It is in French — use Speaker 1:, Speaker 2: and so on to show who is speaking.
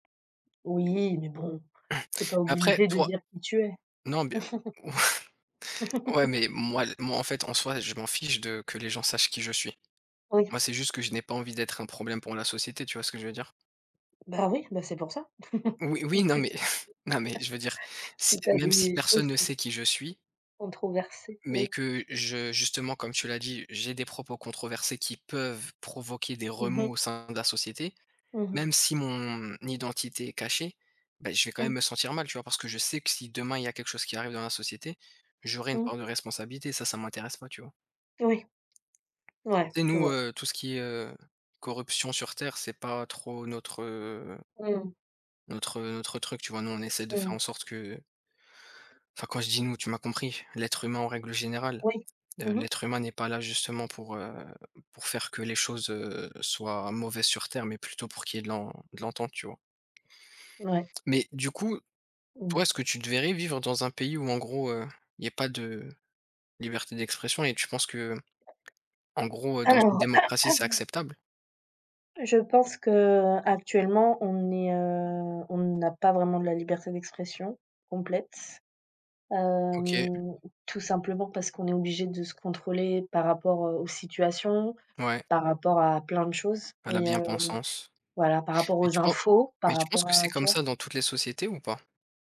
Speaker 1: Oui, mais bon, tu es pas
Speaker 2: Mais après
Speaker 1: obligé de
Speaker 2: toi
Speaker 1: dire qui tu es.
Speaker 2: non, bien ouais, mais moi l moi, en fait, en soi, je m'en fiche de que les gens sachent qui je suis.
Speaker 1: Oui.
Speaker 2: Moi, c'est juste que je n'ai pas envie d'être un problème pour la société, tu vois ce que je veux dire?
Speaker 1: Bah oui, bah, c'est pour ça.
Speaker 2: Oui, oui, non,
Speaker 1: Peut dire
Speaker 2: mais non, mais je veux dire, s
Speaker 1: si tu as
Speaker 2: même si
Speaker 1: des choses
Speaker 2: personne ne
Speaker 1: que
Speaker 2: sait qui je suis
Speaker 1: controversées,
Speaker 2: mais
Speaker 1: oui.
Speaker 2: que je justement, comme tu l'as dit, j'ai des propos controversés qui peuvent provoquer des
Speaker 1: Mmh
Speaker 2: remous
Speaker 1: mh.
Speaker 2: au sein de la société,
Speaker 1: Mmh
Speaker 2: même
Speaker 1: mh.
Speaker 2: si mon identité est cachée, bah, je vais quand même
Speaker 1: Mmh.
Speaker 2: me sentir mal, tu vois, parce que je sais que si demain il y a quelque chose qui arrive dans la société, j'aurai une
Speaker 1: Mmh.
Speaker 2: part de responsabilité, ça, ça m'intéresse pas, tu vois?
Speaker 1: Oui, ouais,
Speaker 2: Tu sais,
Speaker 1: je
Speaker 2: nous,
Speaker 1: vois.
Speaker 2: heu, tout ce qui est, heu, corruption sur terre, c'est pas trop notre, heu
Speaker 1: Mmh.
Speaker 2: notre, heu, notre truc, tu vois, nous, on essaie de faire
Speaker 1: Mmh.
Speaker 2: en sorte que enfin, quand je dis «nous», tu m'as compris, l'être humain en règle générale.
Speaker 1: Oui,
Speaker 2: Heu,
Speaker 1: mmh mh.
Speaker 2: l'être humain n'est pas là, justement, pour, heu, pour faire que les choses, heu, soient mauvaises sur terre mais plutôt pour qu'il y ait de l'en de l'entente, tu vois?
Speaker 1: Ouais.
Speaker 2: Mais du coup,
Speaker 1: Mmh.
Speaker 2: toi est-ce que tu te verrais vivre dans un pays où en gros, heu, il y a pas de liberté d'expression et tu penses que, en gros, heu, dans une
Speaker 1: Alors
Speaker 2: démocratie, c'est acceptable?
Speaker 1: je pense qu'actuellement, on est, heu, on n'a pas vraiment de la liberté d'expression complète,
Speaker 2: OK.
Speaker 1: hem, tout simplement parce qu'on est obligé de se contrôler par rapport, heu, aux situations,
Speaker 2: Ouais.
Speaker 1: par rapport à plein de choses
Speaker 2: À la
Speaker 1: et heu, donc,
Speaker 2: bien-pensance.
Speaker 1: voilà, par rapport
Speaker 2: Mais
Speaker 1: aux
Speaker 2: tu pen
Speaker 1: infos, par
Speaker 2: mais tu penses
Speaker 1: rapport
Speaker 2: que
Speaker 1: à
Speaker 2: c'est
Speaker 1: tu
Speaker 2: comme
Speaker 1: vois?
Speaker 2: ça dans toutes les sociétés ou pas?